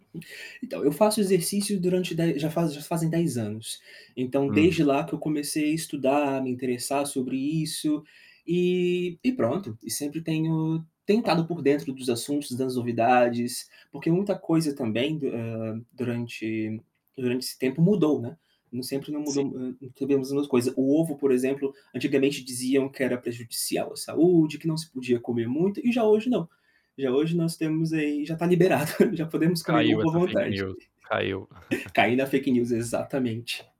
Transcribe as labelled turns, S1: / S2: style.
S1: Então eu faço exercício durante de já faz já fazem 10 anos. Então
S2: Hum.
S1: desde lá que eu comecei a estudar, me interessar sobre isso, e e pronto, e sempre tenho tentado por dentro dos assuntos, das novidades, porque muita coisa, também, eh, durante durante esse tempo mudou, né. Sempre não
S2: Sim.
S1: mudou não sabemos coisa. O ovo por exemplo, antigamente diziam que era prejudicial à saúde, que não se podia comer muito e já hoje não. Já hoje nós temos aí, já está liberado, já podemos comer
S2: Caiu
S1: ovo à
S2: essa fake
S1: vontade.
S2: news, caiu.
S1: Caí na fake news exatamente.